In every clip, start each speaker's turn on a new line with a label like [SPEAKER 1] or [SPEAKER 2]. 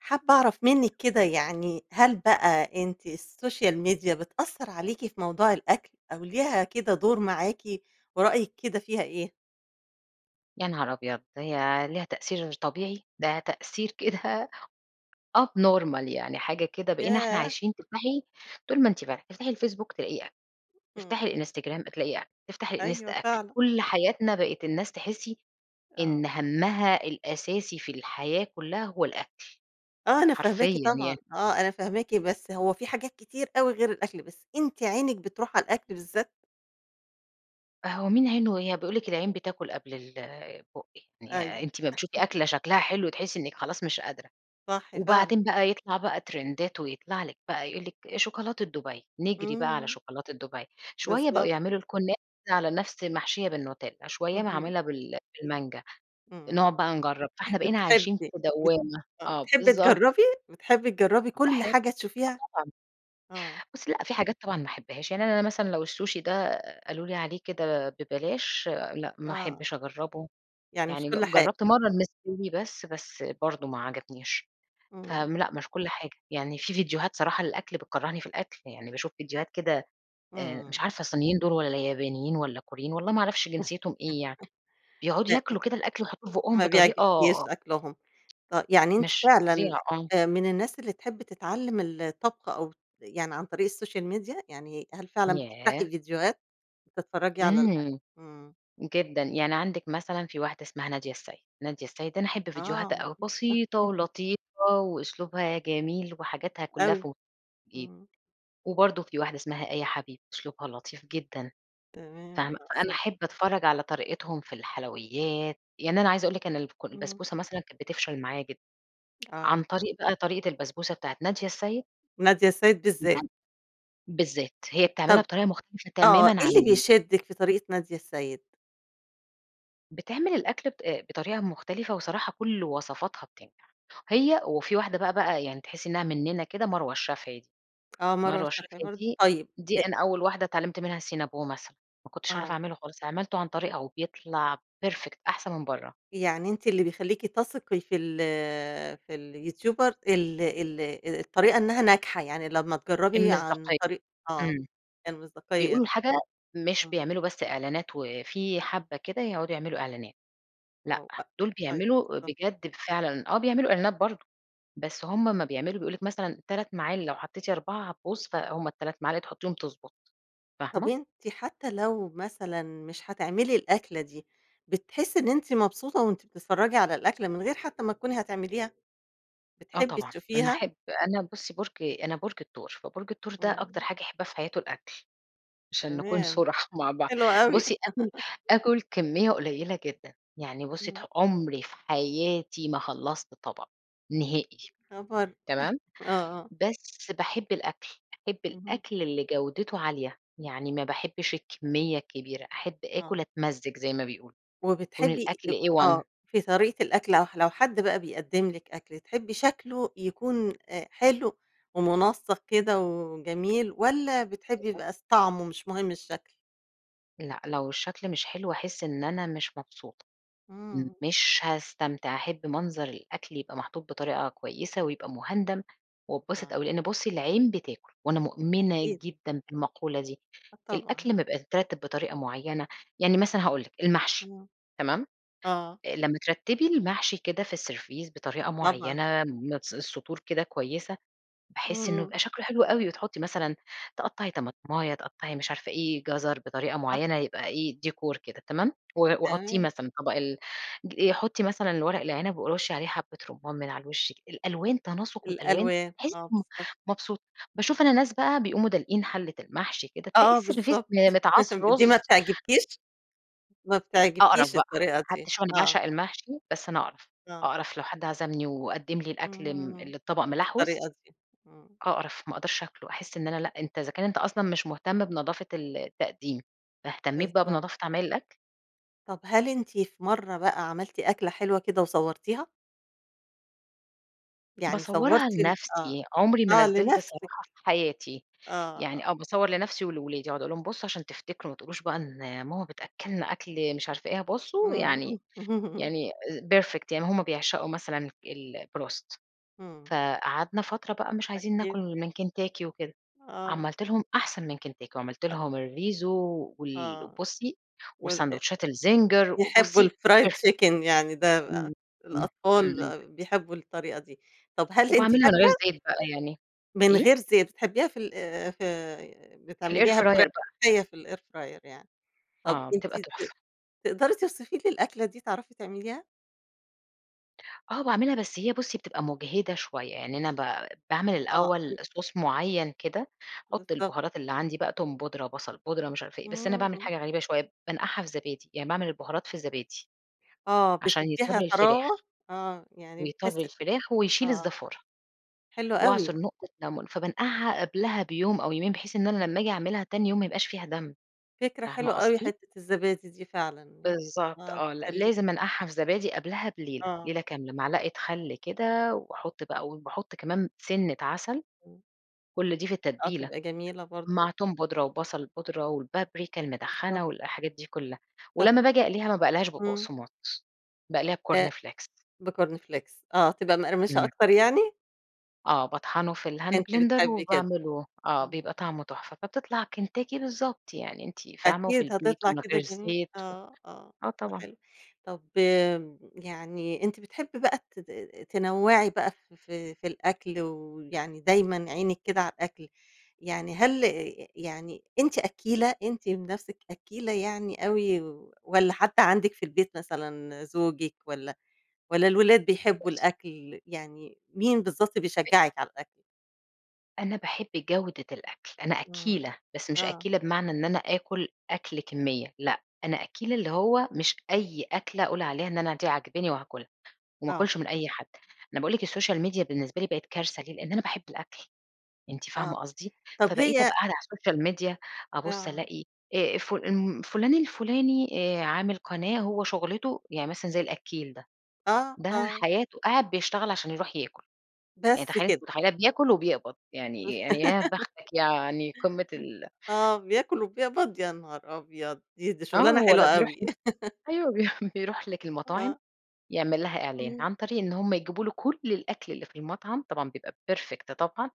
[SPEAKER 1] حابة أعرف مِنك كده يعني هل بقى أنتِ السوشيال ميديا بتأثر عليكِ في موضوع الأكل، أو ليها كده دور معاكِ ورأيِك كده فيها إيه؟
[SPEAKER 2] يا نهار أبيض، ده هي ليها تأثير طبيعي؟! ده تأثير كده up
[SPEAKER 1] امم.
[SPEAKER 2] normal يعني حاجة كده بقينا إحنا
[SPEAKER 1] ياه!
[SPEAKER 2] عايشين تفتحي طول ما أنتِ فاتحة، تفتحي الFacebook تلاقي أكل،
[SPEAKER 1] امم.
[SPEAKER 2] تفتحي الInstagram تلاقي أكل، تفتحي
[SPEAKER 1] أيوه
[SPEAKER 2] الإنستا أكل.
[SPEAKER 1] فعلًا.
[SPEAKER 2] كل حياتنا بقت الناس تحسّي إن
[SPEAKER 1] آه.
[SPEAKER 2] همها الأساسي في الحياة كلّها هو الأكل
[SPEAKER 1] آه أنا فاهماكِ
[SPEAKER 2] حرفيًا
[SPEAKER 1] طبعًا
[SPEAKER 2] يعني.
[SPEAKER 1] آه أنا فاهماكِ. بس هو في حاجات كتير أوي غير الأكل، بس أنتِ عينِك بتروح على الأكل بالذات؟
[SPEAKER 2] هو مين عينه هي بيقول لِك العين بتاكل قبل البُق يعني
[SPEAKER 1] أيوه.
[SPEAKER 2] أنتِ أما بتشوفي أكلة شكلها حلو تحسّي إنِك خلاص مش قادرة.
[SPEAKER 1] صح فعلًا.
[SPEAKER 2] وبعدين بقى يطلع بقى ترندات ويطلع لِك بقى يقول لِك شوكولاتة دبي نجري بقى على
[SPEAKER 1] امم.
[SPEAKER 2] شوكولاتة دبي شويّة بقوا
[SPEAKER 1] بالضب
[SPEAKER 2] يعملوا الكنافة على نفس محشية بالنوتيلا، شويّة
[SPEAKER 1] اهم.
[SPEAKER 2] معمولة بال بالمانجا،
[SPEAKER 1] امم.
[SPEAKER 2] نقعد بقى نجرّب. فاحنا بقينا عايشين في
[SPEAKER 1] بتحبي بت
[SPEAKER 2] دوامة.
[SPEAKER 1] آه
[SPEAKER 2] آه
[SPEAKER 1] بتحبي
[SPEAKER 2] بالضب
[SPEAKER 1] تجربي، بتحبي تجربي كل
[SPEAKER 2] باحب
[SPEAKER 1] حاجة
[SPEAKER 2] آه
[SPEAKER 1] تشوفيها؟
[SPEAKER 2] طبعًا.
[SPEAKER 1] آه.
[SPEAKER 2] بُصّي لأ في حاجات طبعًا ما أحبهاش، يعني أنا مثلًا لو السوشي ده قالوا لي عليه كده ببلاش لأ، ما
[SPEAKER 1] آه.
[SPEAKER 2] أحبش أجربه.
[SPEAKER 1] يعني مش
[SPEAKER 2] يعني
[SPEAKER 1] كل
[SPEAKER 2] ج
[SPEAKER 1] حاجة.
[SPEAKER 2] جرّبت مرّة المستوي بس، بس برضو ما عجبنيش،
[SPEAKER 1] امم.
[SPEAKER 2] فم لأ مش كل حاجة، يعني في ڤيديوهات صراحة للأكل بتكرّهني في الأكل. يعني باشوف ڤيديوهات كده آآ مش
[SPEAKER 1] امم.
[SPEAKER 2] عارفة صينيين، دول والّا يابانيين والّا كوريين والله ما اعرفش جنسيتهم إيه يعني؟ بيقعدوا
[SPEAKER 1] ب
[SPEAKER 2] ياكلوا كده الأكل ويحطوه في بُقهم
[SPEAKER 1] ما بيعجبكش
[SPEAKER 2] بطريقة.
[SPEAKER 1] أكلهم. ط يعني أنت
[SPEAKER 2] مش زي
[SPEAKER 1] فعلًا
[SPEAKER 2] آه.
[SPEAKER 1] من الناس اللي تحبي تتعلم الطبخ أو يعني عن طريق السوشيال ميديا يعني هل فعلًا
[SPEAKER 2] ياه!
[SPEAKER 1] بتفتحي فيديوهات بتتفرجي على الأكل؟
[SPEAKER 2] امم.
[SPEAKER 1] امم.
[SPEAKER 2] جدًا يعني عندك مثلًا في واحدة اسمها نادية السيد، نادية السيد أنا أحب
[SPEAKER 1] آه،
[SPEAKER 2] فيديوهاتها أوي
[SPEAKER 1] معروفة،.
[SPEAKER 2] بسيطة ولطيفة وأسلوبها جميل وحاجاتها كلّها
[SPEAKER 1] أوي
[SPEAKER 2] ف، [unintelligible]
[SPEAKER 1] امم.
[SPEAKER 2] وبرضو في واحدة اسمها آية حبيب أسلوبها لطيف جدًا.
[SPEAKER 1] تمام،
[SPEAKER 2] فاهمة،
[SPEAKER 1] آه،
[SPEAKER 2] فأنا
[SPEAKER 1] صح.
[SPEAKER 2] أحب أتفرّج على طريقتهم في الحلويّات، يعني أنا عايزة أقول لِك إن الك
[SPEAKER 1] اهم.
[SPEAKER 2] البسبوسة مثلًا كانت بتفشل معايا جدًا،
[SPEAKER 1] آه.
[SPEAKER 2] عن طريق بقى طريقة البسبوسة بتاعة نادية السيد
[SPEAKER 1] نادية السيد بالذات.
[SPEAKER 2] [unintelligible] ،بالذات هي بتعملها
[SPEAKER 1] طب
[SPEAKER 2] بطريقة مختلفة
[SPEAKER 1] آه.
[SPEAKER 2] تمامًا
[SPEAKER 1] إيه اللي
[SPEAKER 2] عن
[SPEAKER 1] بيشدك في طريقة نادية السيد؟
[SPEAKER 2] بتعمل الأكل ب بطريقة مختلفة وصراحة كل وصفاتها بتنجح، هي وفي واحدة بقى بقى يعني تحسي إنها مننا كده، مروة الشافعي دي،
[SPEAKER 1] آه مروة
[SPEAKER 2] مروة
[SPEAKER 1] الشافعي
[SPEAKER 2] الشافعي
[SPEAKER 1] برضه،
[SPEAKER 2] دي
[SPEAKER 1] طيب
[SPEAKER 2] دي
[SPEAKER 1] أ
[SPEAKER 2] أنا أول واحدة اتعلمت منها الCinnabon مثلًا، ما كنتش أعرف
[SPEAKER 1] آه.
[SPEAKER 2] أعمله خالص، عملته عن طريقها وبيطلع perfect أحسن من بره.
[SPEAKER 1] يعني أنتِ اللي بيخليكِ تثقي في ال في اليوتيوبر ال ال أ الطريقة إنها ناجحة، يعني لما تجربي عن
[SPEAKER 2] المصداقية،
[SPEAKER 1] طريق آه،
[SPEAKER 2] امم،
[SPEAKER 1] يعني المصداقية، آه.
[SPEAKER 2] بيقولوا الحاجة مش
[SPEAKER 1] آه.
[SPEAKER 2] بيعملوا بس إعلانات، وفي حبة كده يقعدوا يعملوا إعلانات.
[SPEAKER 1] آه،
[SPEAKER 2] لأ،
[SPEAKER 1] وأ
[SPEAKER 2] دول
[SPEAKER 1] طيب،
[SPEAKER 2] بيعملوا
[SPEAKER 1] بالضبط.
[SPEAKER 2] بجد فعلًا آه، بيعملوا إعلانات برضه، بس هم امَّا بيعملوا بيقول لِك مثلًا 3 معالق لو حطيتِ 4 هتبوظ فهم 3 معالق تحطيهم تضبط،
[SPEAKER 1] طب
[SPEAKER 2] فاهمة؟
[SPEAKER 1] أنتِ حتى لو مثلًا مش هتعملي الأكلة دي، بتحسي إن أنتِ مبسوطة وأنتِ بتتفرجي على الأكلة من غير حتى ما تكوني هاتعمليها؟
[SPEAKER 2] آه،
[SPEAKER 1] بتحبي
[SPEAKER 2] طبعًا، أنا
[SPEAKER 1] تشوفيها؟
[SPEAKER 2] أحب أنا بصي برج أنا برج الثور، فبرج الثور ده أكتر
[SPEAKER 1] امم.
[SPEAKER 2] حاجة يحبها في حياته الأكل، عشان نكون
[SPEAKER 1] تمام،
[SPEAKER 2] صُرحا مع بعض،
[SPEAKER 1] حلو أوي.
[SPEAKER 2] بصي آكل آكل كمية قليلة جدًا يعني بصي ت
[SPEAKER 1] امم.
[SPEAKER 2] عمري في حياتي ما خلصت طبق، نهائي،
[SPEAKER 1] ياخبر!
[SPEAKER 2] تمام؟
[SPEAKER 1] آه، آه.
[SPEAKER 2] بس باحب الأكل، باحب
[SPEAKER 1] اهم.
[SPEAKER 2] الأكل اللي جودته عالية، يعني ما باحبش الكمية الكبيرة، أحب آكل،
[SPEAKER 1] آه.
[SPEAKER 2] أتمزج- زي ما بيقولوا- يكون
[SPEAKER 1] وبتحبي
[SPEAKER 2] الأكل
[SPEAKER 1] آآ،
[SPEAKER 2] A
[SPEAKER 1] آه،
[SPEAKER 2] one.
[SPEAKER 1] في طريقة الأكل أو لو حد بقى بيقدم لك أكل تحبي شكله يكون أ حلو ومنسق كده وجميل، والَّا بتحبي يبقى س طعمه مش مهم الشكل؟
[SPEAKER 2] لأ لو الشكل مش حلو، هاحس إن أنا مش مبسوطة،
[SPEAKER 1] امم.
[SPEAKER 2] مش هاستمتع. أحب منظر الأكل يبقى محطوط بطريقة كويسة ويبقى مهندَم واتبسط أوي؛
[SPEAKER 1] آه.
[SPEAKER 2] لأن بصي العين بتاكل، وأنا مؤمنة
[SPEAKER 1] أكيد.
[SPEAKER 2] جدًا بالمقولة دي.
[SPEAKER 1] آه، طبعًا.
[SPEAKER 2] الأكل لما يبقى مترتب بطريقة معينة يعني مثلًا هاقول لِك المحشي،
[SPEAKER 1] آه،
[SPEAKER 2] تمام،
[SPEAKER 1] آه.
[SPEAKER 2] آآ، لما ترتبي المحشي كده في السرفيس بطريقة
[SPEAKER 1] طبعًا.
[SPEAKER 2] معينة بنَفس السطور كده كويسة، باحس إنه
[SPEAKER 1] امم.
[SPEAKER 2] يبقى شكله حلو أوي وتحطي مثلًا تقطَّعي طماطماية، تقطَّعي مش عارفة إيه، جزر بطريقة
[SPEAKER 1] صح،
[SPEAKER 2] معينة، يبقى
[SPEAKER 1] صح.
[SPEAKER 2] إيه، ديكور كده تمام، و وحُطيه
[SPEAKER 1] تمام.
[SPEAKER 2] مثلًا طبق ال ج حطِّي مثلًا الورق العنب ورُشِّي عليه حبة رمان من على الوش كده، الألوان تناسق الألوان
[SPEAKER 1] الألوان،
[SPEAKER 2] تحسِّي
[SPEAKER 1] آه
[SPEAKER 2] إم م
[SPEAKER 1] بالضبط.
[SPEAKER 2] مبسوطة. باشوف أنا ناس بقى بيقوموا دالقين حلّة المحشي كده، تلاقي
[SPEAKER 1] آه،
[SPEAKER 2] السرفيس
[SPEAKER 1] بالضبط،
[SPEAKER 2] متعاص
[SPEAKER 1] دي ما
[SPEAKER 2] رز.
[SPEAKER 1] بتعجبكيش؟ ما
[SPEAKER 2] أقرَف
[SPEAKER 1] بتعجبكيش
[SPEAKER 2] بقى،
[SPEAKER 1] الطريقة
[SPEAKER 2] حتى
[SPEAKER 1] دي.
[SPEAKER 2] شوفي أنا
[SPEAKER 1] آه.
[SPEAKER 2] باعشق المحشي، بس أنا أقرف.
[SPEAKER 1] آه.
[SPEAKER 2] أقرف لو حد عزمني وقدم لي الأكل ال
[SPEAKER 1] اهم،
[SPEAKER 2] اللي الطبق
[SPEAKER 1] بالطريقة
[SPEAKER 2] مِلحوِس،
[SPEAKER 1] دي. امم.
[SPEAKER 2] أقرَف، ما أقدرش آكله، أحس إن أنا
[SPEAKER 1] ط
[SPEAKER 2] لأ أنت إذا كان أنت أصلًا مش مهتم بنضافة التقديم، فاهتميت بقى
[SPEAKER 1] بالضبط.
[SPEAKER 2] بنظافة عمايل الأكل؟
[SPEAKER 1] طب هل أنتِ في مرة بقى عملتِ أكلة حلوة كده وصورتيها؟ يعني
[SPEAKER 2] باصورها
[SPEAKER 1] صورتي ال آه،
[SPEAKER 2] لنفسي، عمري ما
[SPEAKER 1] آه
[SPEAKER 2] نزلت
[SPEAKER 1] لنفسِك.
[SPEAKER 2] صراحة في حياتي،
[SPEAKER 1] آه،
[SPEAKER 2] يعني
[SPEAKER 1] آه.
[SPEAKER 2] آه، باصور لنفسي ولولادي بأقعد أقول لهم بصوا عشان تفتكروا، ما تقولوش بقى إن ماما بتأكلنا أكل مش عارفة إيه، بصوا
[SPEAKER 1] امم.
[SPEAKER 2] يعني يعني perfect يعني هم بيعشقوا مثلًا ال الBroast
[SPEAKER 1] امم.
[SPEAKER 2] فقعدنا فترة بقى مش عايزين
[SPEAKER 1] أكيد.
[SPEAKER 2] ناكل من كنتاكي وكده،
[SPEAKER 1] آه.
[SPEAKER 2] عَملت لهم أحسن من كنتاكي، وعَملت
[SPEAKER 1] أ
[SPEAKER 2] لهم الRiso و وال
[SPEAKER 1] آه،
[SPEAKER 2] وبُصي
[SPEAKER 1] وال أ
[SPEAKER 2] وساندوتشات الZinger
[SPEAKER 1] بيحبوا
[SPEAKER 2] وبُصي
[SPEAKER 1] الfried
[SPEAKER 2] perfect
[SPEAKER 1] chicken يعني ده ال
[SPEAKER 2] وأ امم،
[SPEAKER 1] الأطفال
[SPEAKER 2] امم.
[SPEAKER 1] بيحبوا الطريقة دي، طب هل أنتِ
[SPEAKER 2] وباعملها من غير
[SPEAKER 1] فاكرة
[SPEAKER 2] زيت بقى يعني
[SPEAKER 1] من
[SPEAKER 2] إيه؟
[SPEAKER 1] غير زيت، بتحبيها في ال آآ، في
[SPEAKER 2] في الair
[SPEAKER 1] بتعمليها
[SPEAKER 2] fryer
[SPEAKER 1] بطريقة
[SPEAKER 2] بقى.
[SPEAKER 1] صحية في الair fryer يعني، طب
[SPEAKER 2] آه، بتبقى
[SPEAKER 1] أنتِ ت
[SPEAKER 2] تحفة.
[SPEAKER 1] تقدري توصفي لي الأكلة دي؟ تعرفي تعمليها؟
[SPEAKER 2] آه، باعملها، بس هي بُصي بتبقى مُجهِدة شوية، يعني أنا ب باعمل
[SPEAKER 1] آه، أ
[SPEAKER 2] الأول صوص معيّن كده، باحُط
[SPEAKER 1] بالضبط.
[SPEAKER 2] البهارات اللي عندي بقى توم بودرة، بصل بودرة، مش عارف ايه، بس أنا
[SPEAKER 1] امم،
[SPEAKER 2] باعمل
[SPEAKER 1] امم.
[SPEAKER 2] حاجة غريبة شوية، بانقعها في زبادي، يعني باعمل البهارات في زبادي،
[SPEAKER 1] آه،
[SPEAKER 2] عشان
[SPEAKER 1] بتديها
[SPEAKER 2] يطرّي الفراخ،
[SPEAKER 1] طراوة، آه، يعني
[SPEAKER 2] بيطرّي
[SPEAKER 1] بتحسي
[SPEAKER 2] الفراخ، ويشيل
[SPEAKER 1] آه،
[SPEAKER 2] الزفارة،
[SPEAKER 1] حلو أوي.
[SPEAKER 2] واعصُر نقطة لمون، فبانقعها قبلها بيوم أو يومين، بحيث إن أنا لما أجي أعملها تاني يوم ما يبقاش فيها دم،
[SPEAKER 1] فكرة
[SPEAKER 2] فاهمة
[SPEAKER 1] حلوة أوي
[SPEAKER 2] قصدي؟
[SPEAKER 1] حتّة الزبادي دي فعلًا، يعني
[SPEAKER 2] بالضبط،
[SPEAKER 1] آه،
[SPEAKER 2] آه، ل
[SPEAKER 1] تخلي
[SPEAKER 2] لازم أنقعها في زبادي قبلها بليلة،
[SPEAKER 1] آه.
[SPEAKER 2] ليلة كاملة، معلقة خل كده، وأحط بقى وباحط كمان سِنّة عسل،
[SPEAKER 1] امم.
[SPEAKER 2] كل دي في
[SPEAKER 1] آه
[SPEAKER 2] التتبيلة،
[SPEAKER 1] تبقي جميلة برضه.
[SPEAKER 2] مع توم بودرة، وبصل بودرة، والبابريكا
[SPEAKER 1] بالضبط.
[SPEAKER 2] المدخنة، والحاجات دي كلها،
[SPEAKER 1] طب
[SPEAKER 2] ولما باجي أقليها ما باقليهاش
[SPEAKER 1] امم.
[SPEAKER 2] ببقسماط باقليها
[SPEAKER 1] أ
[SPEAKER 2] بCorn Flakes
[SPEAKER 1] بCorn Flakes آه، تبقى مقرمشة
[SPEAKER 2] امم.
[SPEAKER 1] أكتر يعني؟
[SPEAKER 2] آه، باطحنه في الhand
[SPEAKER 1] أنتِ
[SPEAKER 2] blender
[SPEAKER 1] بتحبي كده.
[SPEAKER 2] وباعمله، آه،
[SPEAKER 1] امم، آه.
[SPEAKER 2] بيبقى طعمه تحفة، فبتطلع كنتاكي بالضبط يعني، أنتِ فاهمة، وفي
[SPEAKER 1] أكيد،
[SPEAKER 2] البيت،
[SPEAKER 1] هتطلع
[SPEAKER 2] ومن
[SPEAKER 1] كده
[SPEAKER 2] غير
[SPEAKER 1] جميلة،
[SPEAKER 2] زيت، و
[SPEAKER 1] آه، آه
[SPEAKER 2] آه
[SPEAKER 1] بقى
[SPEAKER 2] طبعًا.
[SPEAKER 1] حلو، طب آآ، يعني أنتِ بتحبي بقى ت ت تنوعي بقى في في في الأكل ويعني دايمًا عينِك كده على الأكل يعني هل ي يعني أنتِ أكّيلة أنتِ بنفسِك أكّيلة يعني أوي، والَّا حد عندِك في البيت مثلًا زوجِك والَّا والَّا الولاد بيحبوا
[SPEAKER 2] بصي
[SPEAKER 1] الأكل يعني مين بالضبط
[SPEAKER 2] أ
[SPEAKER 1] بيشجّعِك على الأكل؟
[SPEAKER 2] أنا باحب جودة الأكل، أنا
[SPEAKER 1] امم،
[SPEAKER 2] أكّيلة، بس مش
[SPEAKER 1] آه.
[SPEAKER 2] أكّيلة بمعنى إن أنا آكل أكل كمية، لأ، أنا أكّيلة اللي هو مش أي أكلة أقول عليها إن أنا دي عاجباني وهاكلها، وما
[SPEAKER 1] آه.
[SPEAKER 2] آكلش من أي حد، أنا باقول لِك
[SPEAKER 1] [unintelligible]
[SPEAKER 2] الSocial Media بالنسبة لي بقت كارثة ليه؟ لأن أنا باحب الأكل، أنتِ
[SPEAKER 1] آه،
[SPEAKER 2] فاهمة قصدي،
[SPEAKER 1] طب
[SPEAKER 2] فبقيت
[SPEAKER 1] هي
[SPEAKER 2] أبقى قاعدة على الSocial Media، أبص
[SPEAKER 1] آه.
[SPEAKER 2] ألاقي آآ، فل فلان الفلاني آآ، عامل قناة هو شغلته يعني مثلًا زي الأكّيل ده،
[SPEAKER 1] آه،
[SPEAKER 2] ده
[SPEAKER 1] آه.
[SPEAKER 2] حياته قاعد بيشتغل عشان يروح ياكل، يعني
[SPEAKER 1] بس
[SPEAKER 2] تخيلي أنتِ
[SPEAKER 1] كده.
[SPEAKER 2] متخيلة بياكل وبيقبض، يعني يعني يا بختك يعني قمة ال
[SPEAKER 1] آه، بياكل وبيقبض يا نهار أبيض، دي دي
[SPEAKER 2] آه،
[SPEAKER 1] شغلانة
[SPEAKER 2] هو
[SPEAKER 1] حلوة
[SPEAKER 2] لأ بيروح
[SPEAKER 1] أوي.
[SPEAKER 2] أيوه بيروح لِك المطاعم
[SPEAKER 1] آه.
[SPEAKER 2] يعمل لها إعلان،
[SPEAKER 1] إمم.
[SPEAKER 2] عن طريق إن هم يجيبوا له كُل الأكل اللي في المطعم، طبعًا بيبقى perfect طبعًا،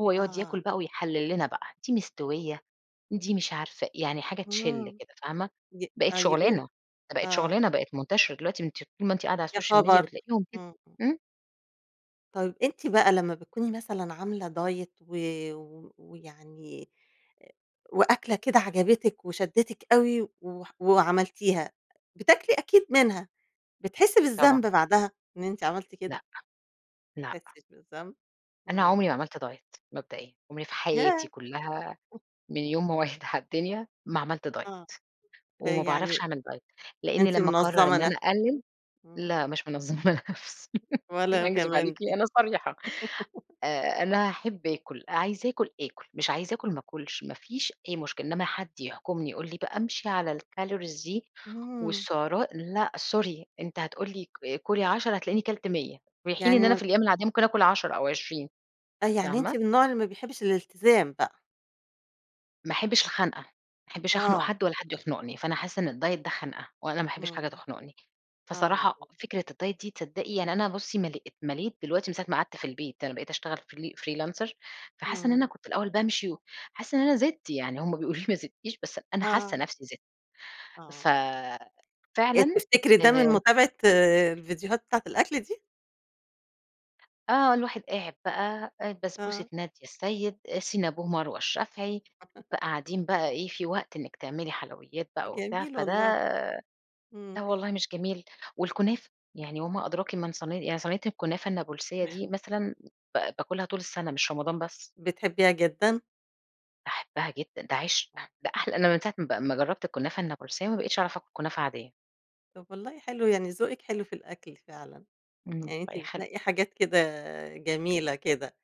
[SPEAKER 2] هو يقعد
[SPEAKER 1] آه.
[SPEAKER 2] ياكل بقى ويحلّل لنا بقى، دي مستوية دي مش عارفة يعني حاجة تشلّ
[SPEAKER 1] آمم،
[SPEAKER 2] كده فاهمة،
[SPEAKER 1] ج
[SPEAKER 2] بقِت
[SPEAKER 1] آه
[SPEAKER 2] شغلانة،
[SPEAKER 1] يقول
[SPEAKER 2] دي بقت
[SPEAKER 1] آه.
[SPEAKER 2] شغلانة، بقِت منتشرة دلوقتي أنتِ طول ما أنتِ قاعدة على
[SPEAKER 1] يا
[SPEAKER 2] الSocial Media
[SPEAKER 1] خبر!
[SPEAKER 2] بتلاقيهم كده،
[SPEAKER 1] امم، امم.
[SPEAKER 2] إمم.
[SPEAKER 1] طيب أنتِ بقى لمّا بتكوني مثلًا عاملة دايت و ويعني وأكلة كده عجبتك وشدتك أوي وح وعملتيها، بتاكلي أكيد منها، بتحسّي
[SPEAKER 2] طبعًا.
[SPEAKER 1] بالذنب بعدها إن أنتِ عملتِ
[SPEAKER 2] لأ.
[SPEAKER 1] كده؟
[SPEAKER 2] لأ.
[SPEAKER 1] بتحسيش بالذنب.
[SPEAKER 2] أنا عمري
[SPEAKER 1] امم.
[SPEAKER 2] ما عملت دايت مبدئيًا عمري في حياتي
[SPEAKER 1] ياه!
[SPEAKER 2] كلّها من يوم ما وعيت على الدنيا ما عملت دايت
[SPEAKER 1] آه، آآ
[SPEAKER 2] وما باعرفش
[SPEAKER 1] يعني
[SPEAKER 2] أعمل دايت لأني
[SPEAKER 1] أنتِ
[SPEAKER 2] لمّا أقرر
[SPEAKER 1] منظمة
[SPEAKER 2] إن أنا
[SPEAKER 1] نفسك.
[SPEAKER 2] أقلل
[SPEAKER 1] امم.
[SPEAKER 2] لأ، مش منظمة نفسي،
[SPEAKER 1] ولا
[SPEAKER 2] أكذب عليكِ
[SPEAKER 1] كمان دي.
[SPEAKER 2] أنا صريحة آآ، أنا أحب آكل عايزة أَكل، أكل، مش عايزة أكل ما أكلش، ما فيش أي مشكلة إنّما حد يحكمني يقول لي بقى أمشي على الcalories دي
[SPEAKER 1] امم.
[SPEAKER 2] والسعرات، لأ، سوري أنت هتقول لي كُلي 10 هتلاقيني كلت 100 في حين
[SPEAKER 1] يعني
[SPEAKER 2] إن أنا
[SPEAKER 1] ما ب
[SPEAKER 2] في الأيّام العاديّة ممكن أكل 10 أو 20
[SPEAKER 1] آه، يعني أنتِ
[SPEAKER 2] فاهمة؟
[SPEAKER 1] من النوع اللي ما بيحبش الإلتزام بقى؟
[SPEAKER 2] ما أحبش الخنقة، ما أحبش أخنق
[SPEAKER 1] آه.
[SPEAKER 2] حد والّا حد يخنقني، فأنا حاسّة إن الدايت ده خنقة وأنا ما أحبش حاجة
[SPEAKER 1] امم.
[SPEAKER 2] تخنقني.
[SPEAKER 1] آه.
[SPEAKER 2] فصراحة فكرة الدايت دي تصدقي يعني أنا بُصّي مليت مليت دلوقتي من ساعة ماقعدت في البيت أنا بقيت أشتغل فري فريلانسر فحاسة إن أنا
[SPEAKER 1] امم.
[SPEAKER 2] كنت الأوّل بأمشي حاسّة إن أنا زِدت، يعني هم بيقول لي ما زدتيش بس أنا حاسّة
[SPEAKER 1] آه.
[SPEAKER 2] نفسي زِدت
[SPEAKER 1] آه.
[SPEAKER 2] ف
[SPEAKER 1] آآ
[SPEAKER 2] فعلًا
[SPEAKER 1] تفتكري ده من
[SPEAKER 2] آآ
[SPEAKER 1] متابعة آآ، الفيديوهات بتاعة الأكل دي؟
[SPEAKER 2] آه، الواحد قاعد بقى، آآ، بسبوسة
[SPEAKER 1] آه.
[SPEAKER 2] نادية السيد، Cinnabon مروة الشافعي، بقى قاعدين بقى إيه، في وقت إنّك تعملي حلويّات بقى وبتاع
[SPEAKER 1] جميل
[SPEAKER 2] فده
[SPEAKER 1] والله، إمم.
[SPEAKER 2] لا الله مش جميل. والكنافة، يعني وما
[SPEAKER 1] أ
[SPEAKER 2] أدراكِ من صين يعني صينية الكُنافة النابلسية دي، مثلًا ب باكلها طول السنة، مش رمضان بس.
[SPEAKER 1] بتحبيها جدًا.
[SPEAKER 2] باحبها جدًا، ده عشق،
[SPEAKER 1] آه.
[SPEAKER 2] ده أحلى أنا من ساعة ما ب ما جرّبت الكُنافة النابلسية، ما بقيتش أعرف أكل كنافة عاديّة.
[SPEAKER 1] طب والله حلو، يعني ذوقِك حلو في الأكل فعلًا،
[SPEAKER 2] إمم،
[SPEAKER 1] يعني أنتِ
[SPEAKER 2] الله يخليكِ.
[SPEAKER 1] بتنقي حاجات كده جميلة كده.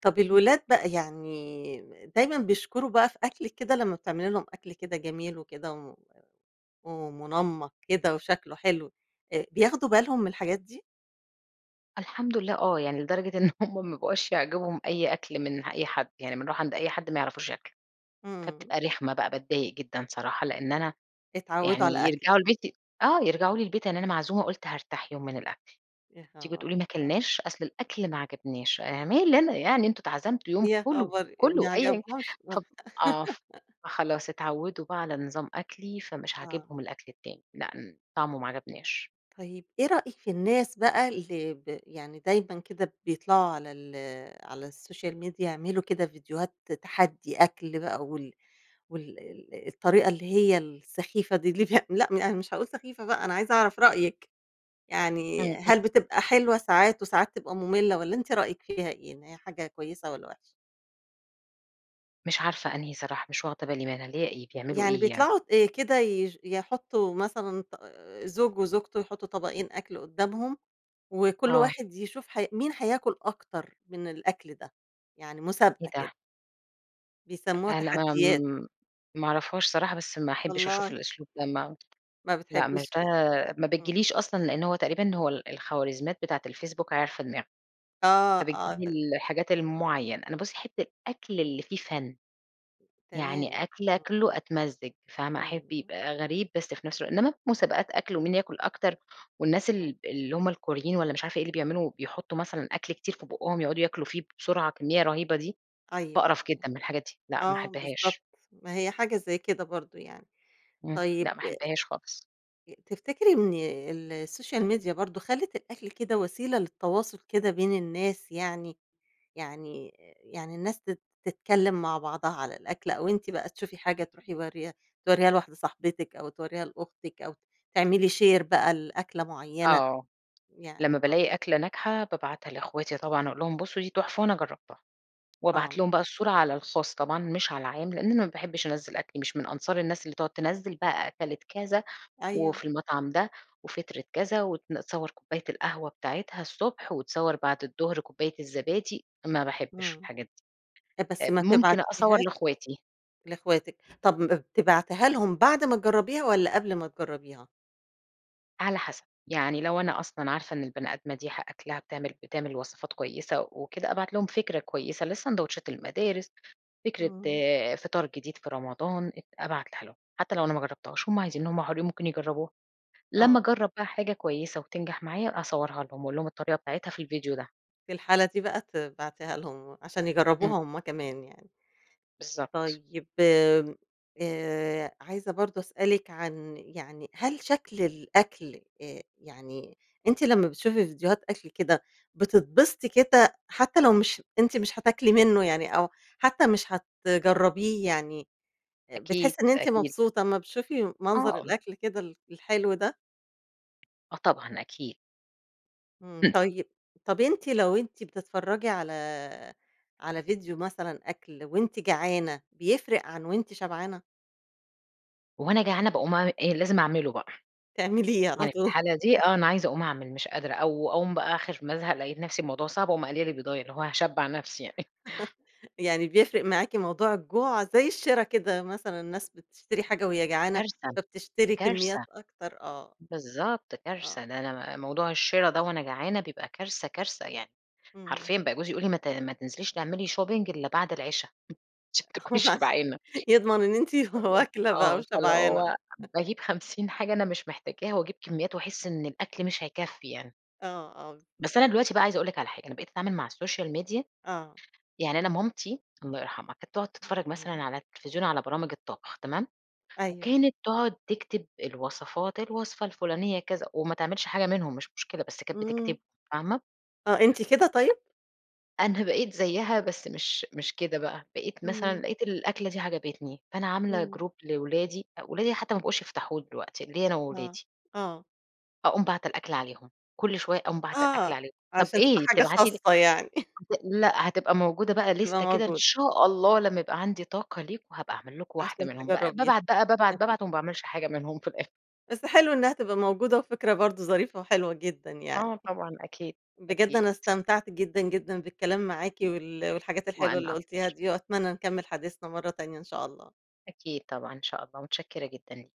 [SPEAKER 1] طب
[SPEAKER 2] امم.
[SPEAKER 1] الولاد بقى، يعني دايمًا بيشكروا بقى في أكلِك كده لمّا بتعملي لهم أكل كده جميل وكده و ومنمّق كده وشكله حلو، آآ، بياخدوا بالهم من الحاجات دي؟
[SPEAKER 2] الحمد لله آه، يعني لدرجة إن همّ ما بقوش يعجبهم أي أكل من ح أي حد يعني بنروح عند أي حد، ما يعرفوش ياكلوا،
[SPEAKER 1] إمم.
[SPEAKER 2] فبتبقى رخمة بقى باتضايق جدًا صراحة. لأن أنا
[SPEAKER 1] اتعودوا على
[SPEAKER 2] يعني
[SPEAKER 1] أكلِك.
[SPEAKER 2] يرجعوا البيت ي آه، يرجعوا
[SPEAKER 1] امم.
[SPEAKER 2] لي البيت، يعني أنا معزومة قلت هارتاح يوم من الأكل،
[SPEAKER 1] يا
[SPEAKER 2] تيجوا
[SPEAKER 1] خبر!
[SPEAKER 2] تقولوا ما
[SPEAKER 1] آه.
[SPEAKER 2] اكلناش! أصل الأكل ما عجبناش، أنا مالي أنا يعني، أنتم أتعزمتوا يوم
[SPEAKER 1] يا
[SPEAKER 2] كلوا،
[SPEAKER 1] خبر!
[SPEAKER 2] كلوا،
[SPEAKER 1] ما
[SPEAKER 2] أيًا كان
[SPEAKER 1] عجبهمش. مخ
[SPEAKER 2] ف آه، فخلاص اتعودوا بقى على نظام أكلي، فمش
[SPEAKER 1] آه.
[SPEAKER 2] عاجبهم الأكل التاني، لأ، امم، طعمه ما عجبناش.
[SPEAKER 1] طيب، إيه رأيك في الناس بقى اللي ب يعني دايمًا كده بيطلعوا على ال على الSocial Media يعملوا كده فيديوهات تحدّي أكل بقى، وال وال ال الطريقة اللي هي السخيفة دي اللي بي لأ، يعني مش هاقول سخيفة بقى، أنا عايزة أعرف رأيك، يعني
[SPEAKER 2] إمم،
[SPEAKER 1] هل بتبقى
[SPEAKER 2] [unintelligible]
[SPEAKER 1] حلوة ساعات وساعات تبقى مملة، والّا أنتِ رأيك فيها إيه؟ إن هي حاجة كويسة والَّا وحشة؟
[SPEAKER 2] مش عارفة أنهي صراحة، مش واخدة بالي منها، اللي هي إيه، بيعملوا
[SPEAKER 1] يعني
[SPEAKER 2] إيه يعني؟
[SPEAKER 1] بيطلعوا آآ كده يش يحطوا مثلًا ط زوج وزوجته يحطوا طبقين أكل قدامهم وكُل
[SPEAKER 2] آه.
[SPEAKER 1] واحد يشوف ح مين هياكل أكتر من الأكل ده، يعني
[SPEAKER 2] إيه
[SPEAKER 1] مسابقة
[SPEAKER 2] ده؟!
[SPEAKER 1] كده. بيسموها
[SPEAKER 2] أ لا
[SPEAKER 1] تحديّات.
[SPEAKER 2] آمم مأعرفهاش صراحة، بس ما أحبش أشوف
[SPEAKER 1] والله!
[SPEAKER 2] الأسلوب ده ما
[SPEAKER 1] ما
[SPEAKER 2] لأ مش
[SPEAKER 1] بتحبيش
[SPEAKER 2] ده
[SPEAKER 1] كده.
[SPEAKER 2] ما
[SPEAKER 1] إمم.
[SPEAKER 2] بتجيليش أصلًا، لأن هو تقريبًا هو الخوارزميات بتاعة الFacebook عارفة دماغي.
[SPEAKER 1] آه
[SPEAKER 2] فبتجيب
[SPEAKER 1] آه ط
[SPEAKER 2] لي الحاجات المعيّنة، أنا بُصي أحب الأكل اللي فيه فَنّ،
[SPEAKER 1] تمام
[SPEAKER 2] يعني أكْل
[SPEAKER 1] آه.
[SPEAKER 2] آكله أتمزّج، فاهمة؟
[SPEAKER 1] امم،
[SPEAKER 2] أحب
[SPEAKER 1] آه.
[SPEAKER 2] يبقى غريب بس في نفس الوقت إنّما مسابقات أكْل و مين ياكل أكتر، والناس
[SPEAKER 1] آه.
[SPEAKER 2] ال اللي هُم الكوريين وألّا مش عارفة إيه اللي بيعملوا بيحطوا مثلًا أكل كتير في بُقهم يقعدوا ياكلوا فيه بسرعة بكميّة رهيبة دي؛
[SPEAKER 1] أيوه
[SPEAKER 2] باقرف
[SPEAKER 1] أيوه،
[SPEAKER 2] جدًا من الحاجات دي لأ ما
[SPEAKER 1] آه بالضبط
[SPEAKER 2] أحبهاش.
[SPEAKER 1] ما هي حاجة زي كده برضو يعني.
[SPEAKER 2] إمم، لأ
[SPEAKER 1] طيب
[SPEAKER 2] ما أحبهاش خالص.
[SPEAKER 1] آآ تفتكري إن السوشيال ميديا برضو خلّت الأكل كده وسيلة للتواصل كده بين الناس، يعني يعني يعني الناس تت تتكلم مع بعضها على الأكل أو أنتِ بقى تشوفي حاجة تروحي مُورّياها تورّيها لواحدة صاحبتِك، أو تورًيها لأختِك، أو تعملي شير بقى لأكلة معينة؟
[SPEAKER 2] آه،،
[SPEAKER 1] يعني
[SPEAKER 2] لمّا بالاقي أكْلة ناجحة بابعتها لأخواتي طبعًا، أقول لهم بُصوا دي تُحفة وأنا جرّبتها،
[SPEAKER 1] .آه.
[SPEAKER 2] وأبعت لهم بقى الصورة على الخاص طبعًا مش على العام؛ لأن أنا ما باحبش أنزّل أكْلي، مش من أنصار الناس اللي تقعد تنزّل بقى أكَلِت كذا
[SPEAKER 1] أيوه.
[SPEAKER 2] وفي المطعم ده وفطرِت كذا، وتصوّر كُوباية القهوة بتاعتها الصبح وتصوّر بعد الضهر كُوباية الزبادي، ما باحبش
[SPEAKER 1] إمم،
[SPEAKER 2] الحاجات دي.
[SPEAKER 1] ت بس
[SPEAKER 2] طب،
[SPEAKER 1] ما
[SPEAKER 2] ممكن أصور
[SPEAKER 1] تبعتيهاش
[SPEAKER 2] لأخواتي.
[SPEAKER 1] لأخواتِك، طب م بتبعتيها لهم بعد ما تجرّبيها والَّا قبل ما تجرّبيها؟
[SPEAKER 2] على حسب يعني لو أنا أصلًا عارفة إن البني آدمة دي حا أكلها بتعمل بتعمل وصفات كويسة وكده أبعت لهم فكرة كويسة لساندويتشات المدارس، فكرة
[SPEAKER 1] امم.
[SPEAKER 2] فطار جديد في رمضان، أت أبعتها لهم حتى لو أنا ما جربتهاش، هم عايزين هم حُرين ممكن يجربوها،
[SPEAKER 1] آه.
[SPEAKER 2] لما أجرب بقى حاجة كويسة وتنجح معايا أصورها لهم وأقول هم الطريقة بتاعتها في الفيديو ده.
[SPEAKER 1] في الحالة دي بقى تبعتيها لهم عشان
[SPEAKER 2] إمم.
[SPEAKER 1] يجربوها هم كمان يعني.
[SPEAKER 2] بالضبط.
[SPEAKER 1] طيب آآ، عايزة برضه أسألِك عن يعني هل شكل الأكل آآ يعني أنتِ لما بتشوفي فيديوهات أكل كده بتتبسطي كده حتى لو مش أنتِ مش هتاكلي منه يعني أو حتى مش هتجربيه يعني آآ بتحسي
[SPEAKER 2] أكيد،
[SPEAKER 1] إن أنتِ
[SPEAKER 2] أكيد.
[SPEAKER 1] مبسوطة أمّا بتشوفي
[SPEAKER 2] آه
[SPEAKER 1] منظر
[SPEAKER 2] امم.
[SPEAKER 1] الأكل كده ال الحلو ده؟
[SPEAKER 2] آه طبعًا أكيد.
[SPEAKER 1] امم طيب، طب أنتِ لو أنتِ بتتفرجي على على فيديو مثلًا أكل وأنتِ جعانة بيفرق عن وأنتِ شبعانة؟
[SPEAKER 2] وأنا جعانة باقوم أعمل إيه، لازم أعمله بقى،
[SPEAKER 1] تعمليه على
[SPEAKER 2] يعني في
[SPEAKER 1] طول
[SPEAKER 2] الحالة دي آه أنا عايزة أقوم أعمل مش قادرة، أو أقوم بقى آخر ما أزهق لقيت نفسي الموضوع صعب أقوم أقلي لي بيضاية اللي هو هاشبع نفسي يعني.
[SPEAKER 1] يعني بيفرق معاكِ موضوع الجوع زي الشرا كده مثلًا الناس بتشتري حاجة وهي جعانة
[SPEAKER 2] كارثة،
[SPEAKER 1] فبتشتري
[SPEAKER 2] كارثة
[SPEAKER 1] كميات أكتر آه،
[SPEAKER 2] بالضبط
[SPEAKER 1] آه.
[SPEAKER 2] كارثة، ده أنا ب موضوع الشرا ده وأنا جعانة بيبقى كارثة، كارثة. يعني
[SPEAKER 1] امم.
[SPEAKER 2] حرفيًا بقى جوزي يقول لي: "ما ت ما تنزليش تعملي shopping إلا بعد العِشا عشان تكوني
[SPEAKER 1] عش
[SPEAKER 2] شبعانة"
[SPEAKER 1] يضمن إن أنتِ
[SPEAKER 2] والله،
[SPEAKER 1] واكلة بقى
[SPEAKER 2] آه فاللي
[SPEAKER 1] وشبعانة
[SPEAKER 2] هو باجيب 50 حاجة أنا مش محتاجاها واجيب كميات وأحس إن الأكل مش هيكفي يعني.
[SPEAKER 1] آه، آه
[SPEAKER 2] بس
[SPEAKER 1] بالضبط
[SPEAKER 2] أنا دلوقتي بقى عايزة أقول لك على حاجة، أنا بقيت أتعامل مع السوشيال ميديا
[SPEAKER 1] آه.
[SPEAKER 2] يعني أنا مامتي- الله يرحمها- كانت تقعد
[SPEAKER 1] الله
[SPEAKER 2] تتفرج مثلًا
[SPEAKER 1] يرحمها.
[SPEAKER 2] على التلفزيون على برامج الطبخ تمام؟
[SPEAKER 1] أيوه.
[SPEAKER 2] وكانت تقعد تكتب الوصفات الوصفة الفلانية كذا وما تعملش حاجة منهم مش مشكلة بس كانت
[SPEAKER 1] امم.
[SPEAKER 2] بتكتبهم فاهمة؟
[SPEAKER 1] آه أنتِ كده طيب؟
[SPEAKER 2] أنا بقيت زيها بس مش مش كده بقى، بقيت مثلًا
[SPEAKER 1] امم.
[SPEAKER 2] لقيت الأكلة دي عجبتني فأنا عاملة
[SPEAKER 1] امم.
[SPEAKER 2] جروب لأولادي، أولادي حتى ما بقوش يفتحوه دلوقتي، ليّا أنا
[SPEAKER 1] آه،
[SPEAKER 2] وأولادي.
[SPEAKER 1] آه.
[SPEAKER 2] أقوم باعتة الأكل عليهم، كل شوية أقوم باعتة الأكل
[SPEAKER 1] آه
[SPEAKER 2] عليهم، طب
[SPEAKER 1] عشان تبقى
[SPEAKER 2] ايه
[SPEAKER 1] حاجة
[SPEAKER 2] بتبعتي ليه؟
[SPEAKER 1] خاصة يعني
[SPEAKER 2] هت لأ هتبقى موجودة بقى
[SPEAKER 1] تبقى
[SPEAKER 2] ليستة كده إن
[SPEAKER 1] موجودة.
[SPEAKER 2] شاء الله لما يبقى عندي طاقة ليكم هابقى أعمل لكم واحدة
[SPEAKER 1] عشان
[SPEAKER 2] منهم بقى، ب
[SPEAKER 1] تجربيها
[SPEAKER 2] بابعت بقى بابعت بابعت وما باعملش حاجة منهم في الأخر
[SPEAKER 1] بس حلو إنها تبقى موجودة وفكرة برضه ظريفة وحلوة جدًا يعني،
[SPEAKER 2] آه طبعًا أكيد،
[SPEAKER 1] بجد
[SPEAKER 2] أكيد.
[SPEAKER 1] أنا استمتعت جدًا جدًا بالكلام معاكِ وال والحاجات الحلوة
[SPEAKER 2] وأنا
[SPEAKER 1] اللي قُلتيها
[SPEAKER 2] أكتر.
[SPEAKER 1] دي وأتمنى نكمل حديثنا مرة تانية إن شاء الله.
[SPEAKER 2] أكيد طبعًا إن شاء الله متشكرة جدًا ليكِ.